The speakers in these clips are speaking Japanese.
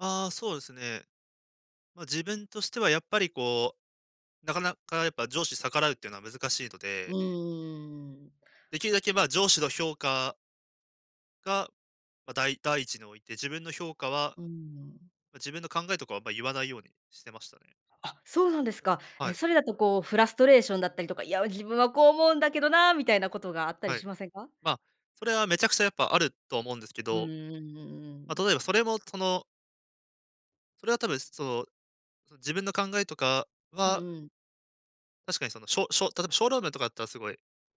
ああ、そうですね。ま、自分としては、やっぱり、こう、なかなかやっぱ上司逆らうっていうのは難しいのうでーん。できるだけ、まあ、上司の評価が、ま、だい第一置いて、自分の評価は、うーん。ま、自分の考えとかは、ま、言わないようにしてましたね。あ、そうなんですう、か。はえ、い。それだと、こう、フラストレーションだったりとか「いや、自分はこう思うんだけどな」みたいなことがあったりはい。しませんか？ま、それはめちゃくちゃやっぱあると思うんですけうんど、うんうんうま、ん。例えばそれも、そのそれは多分、その、そ自分の考えとかうはんうん。確かに、その、ショショ例えばショールームとかだったら、すごい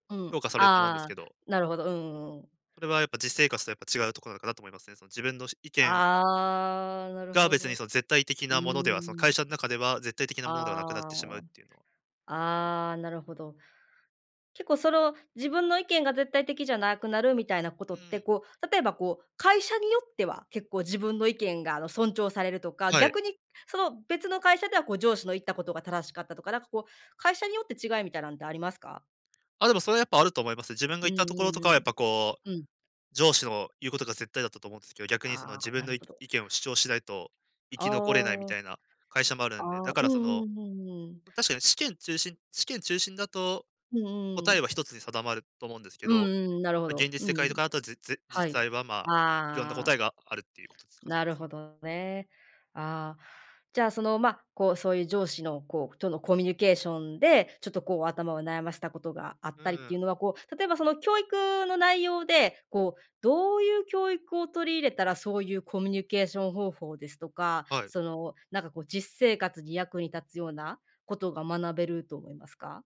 う評ん、価されると思うんですあけあ、ど。なるほど、うんうんうん。それはやっぱ、実生活とやっぱ違うとこなのかなと思いますね。その自分のす意見ああ、なるが、ほ別ど。にその、絶対的うなものではその、ー会ん。社ん中では、絶対的なものではなくなっあてしまうっていうのはあ、思いますあね。あ、なるほど。結構、その、自分の意見が絶対的じゃなくなるみたいなこうとっーて、ん。こう、例えば、こう、会社によっては、結構自分の意見が、あの、尊重されるとか、はい。逆に、その、別の会社では、こう、上司の言ったことが正しかったとか、なんか、こう、会社によって違いみたいなんってありますか？あ、でも、それはやっぱ、あると思います。自分がう言ったんところうんとかうは、やっん。ぱ、こう、うん。上司の言うことが絶対だったと思うんですけど、逆に、その、あ自あ、分なのるいほど。意見を主張しないと生あき残れないみあ。たいな会社もあるんで、あだあ、かうら、そんの、うんうんうん。ま、確かに、試験中心試験中心だと、うんうん答うえん。は1つに定まると思うんですけうど、んうん、なるほま、現ど。実う世んう界とん。かだと、ずじは実い。際は、まあ、いろんなあ答えあ。があるっていうことですかうん、でなるす。ほどね。ああ。じゃあ、その、ま、こう、そういう上司の、こうとのコミュニケーションで、ちょっと、こう、頭を悩ませたことがあうったりっーていうん。のは、こう、例えば、その、教育の内容で、こう、どういう教育を取り入れたら、そういうコミュニケーション方法ですとか、はい。その、なんか、こう、実生活に役に立つようなことが学べると思いますか？